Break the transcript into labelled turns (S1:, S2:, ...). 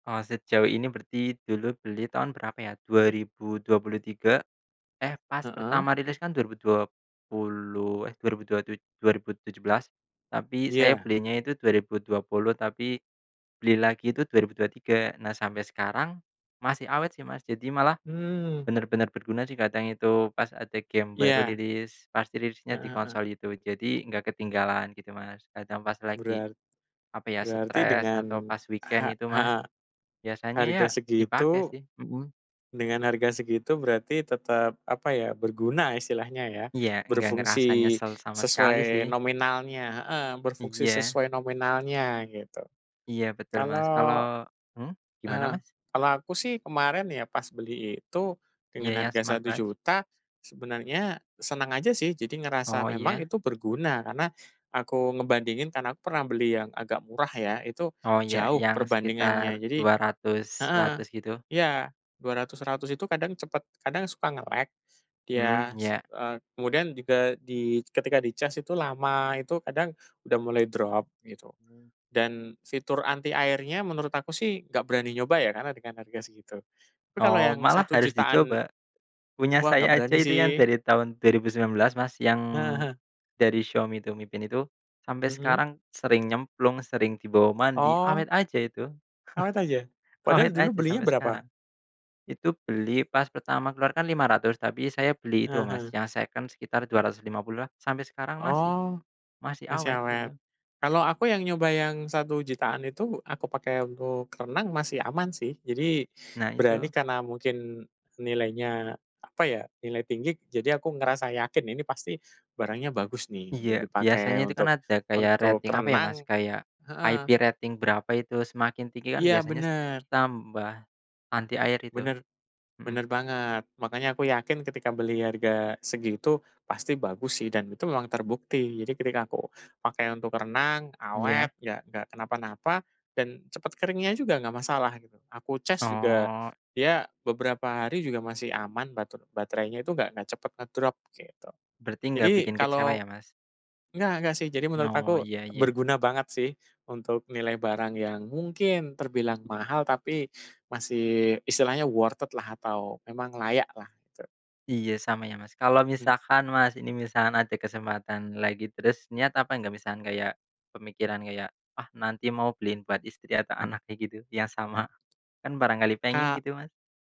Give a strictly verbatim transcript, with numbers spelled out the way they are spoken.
S1: Eee, sejauh ini berarti, dulu beli tahun berapa ya, dua ribu dua puluh tiga. Eh, pas
S2: Heeh.
S1: pertama rilis kan, dua ribu dua puluh eh, dua ribu dua tuj dua ribu tujuh belas. Tapi, saya
S2: Iya.
S1: belinya itu dua ribu dua puluh, tapi beli lagi itu dua ribu dua tiga. Nah, sampai sekarang masih awet sih, Mas. Jadi malah,
S2: Mmm.
S1: bener-bener berguna sih. Kadang itu pas ada game baru
S2: Iya.
S1: rilis. Pas dirilisnya di
S2: Heeh heeh.
S1: konsol itu. Jadi enggak ketinggalan, gitu Mas. Kadang pas lagi,
S2: Berart
S1: apa ya,
S2: berarti,
S1: stres atau
S2: dengan
S1: pas weekend,
S2: ha
S1: itu Mas.
S2: heeh,
S1: Biasanya ya,
S2: harga
S1: dipakai
S2: segitu
S1: sih hmm.
S2: dengan harga segitu, berarti tetap, apa ya, berguna istilahnya, ya.
S1: Iya. Enggak ngerasa
S2: Berfungsi
S1: nyesel sama sekali,
S2: sesuai
S1: sih.
S2: nominalnya. Heeh. Berfungsi
S1: Iya
S2: sesuai nominalnya, gitu.
S1: Iya. Betul Mas. Kalo
S2: Kalau
S1: hmm? Gimana
S2: heeh.
S1: Mas?
S2: Kalau aku sih, kemarin ya, pas beli itu,
S1: Iya
S2: dengan
S1: iya,
S2: harga satu
S1: smartwatch.
S2: juta, sebenarnya seneng aja, sih. Jadi ngerasa
S1: Oh,
S2: memang,
S1: iya.
S2: itu berguna. Karena aku ngebandingin, karena aku pernah beli yang agak murah, ya. Itu,
S1: Oh, iya.
S2: jauh
S1: Yang sekitar
S2: perbandingannya. Jadi
S1: dua ratus,
S2: heeh.
S1: seratus, gitu.
S2: Ya. dua ratus, seratus itu kadang, cepet kadang suka nge-lag.
S1: Mhm.
S2: Iya, s
S1: Iya.
S2: eee, kemudian juga di ketika dicas itu, lama. Itu kadang, udah mulai drop gitu.
S1: Mmm.
S2: Dan, fitur anti airnya menurut aku sih, nggak berani nyoba ya, karena dengan harga segitu. Tapi kalau
S1: Oh.
S2: yang
S1: Malah
S2: satu
S1: harus
S2: jutaan
S1: dicoba. Punya
S2: wah, nggak
S1: saya aja
S2: berani
S1: itu yang
S2: sih.
S1: dari tahun dua ribu sembilan belas, Mas, yang
S2: Heeh heeh.
S1: dari Xiaomi tuh, Mi Band itu. Sampai
S2: Mhm?
S1: sekarang sering nyemplung, sering dibawa mandi,
S2: Oh.
S1: awet aja itu.
S2: Awet aja. Padahal
S1: Awet
S2: dulu
S1: aja
S2: belinya
S1: sampai sekarang.
S2: berapa?
S1: Itu beli pas pertama keluar kan lima ratus, tapi saya beli itu,
S2: Ah
S1: Mas,
S2: hah.
S1: yang seken sekitar dua ratus lima puluhan. Sampai sekarang masih.
S2: Oh.
S1: Masih
S2: Masih
S1: awet, itu.
S2: awet. Kalau aku yang nyoba yang, satu jutaan itu, aku pakai untuk renang masih aman, sih. Jadi,
S1: Nah,
S2: berani
S1: itu.
S2: karena mungkin nilainya, apa ya, nilai tinggi jadi aku ngerasa yakin. Ini pasti barangnya bagus nih.
S1: Iya.
S2: Untuk
S1: Biasanya
S2: dipakai,
S1: itu kan,
S2: untuk
S1: ada kayak
S2: untuk
S1: rating, apa ya Mas,
S2: renang
S1: kayak IP
S2: heeh.
S1: rating berapa itu, semakin tinggi kan,
S2: Iya,
S1: biasanya s
S2: bener.
S1: tambah anti air, itu.
S2: Bener bener
S1: Mhm.
S2: banget. Makanya aku yakin, ketika beli harga segitu, pasti bagus sih. Dan itu memang terbukti. Jadi ketika aku pakai untuk renang,
S1: Iya.
S2: awet, nggak, ya nggak kenapa-napa, dan cepet keringnya juga. Nggak masalah, gitu. Aku cas juga,
S1: Oh.
S2: dia beberapa hari juga masih aman. Bater baterainya itu nggak cepet ngedrop, gitu.
S1: Berarti nggak
S2: Jadi,
S1: bikin kecewa
S2: kalau
S1: ya, Mas?
S2: nggak nggak sih. Jadi menurut
S1: Oh.
S2: aku,
S1: Iya iya.
S2: berguna banget sih. Untuk nilai barang yang, mungkin terbilang mahal, tapi, masih, istilahnya worth it lah. Atau memang layak lah. Tu.
S1: Iya. Sama ya, Mas. Kalau
S2: Mhm.
S1: misalkan Mas ini, misalkan ada kesempatan lagi. Terus niat apa enggak, misalkan kayak, pemikiran kayak, ah nanti mau beliin buat istri atau anaknya, gitu Yang sama. Kan barangkali pengen,
S2: Kak.
S1: gitu Mas?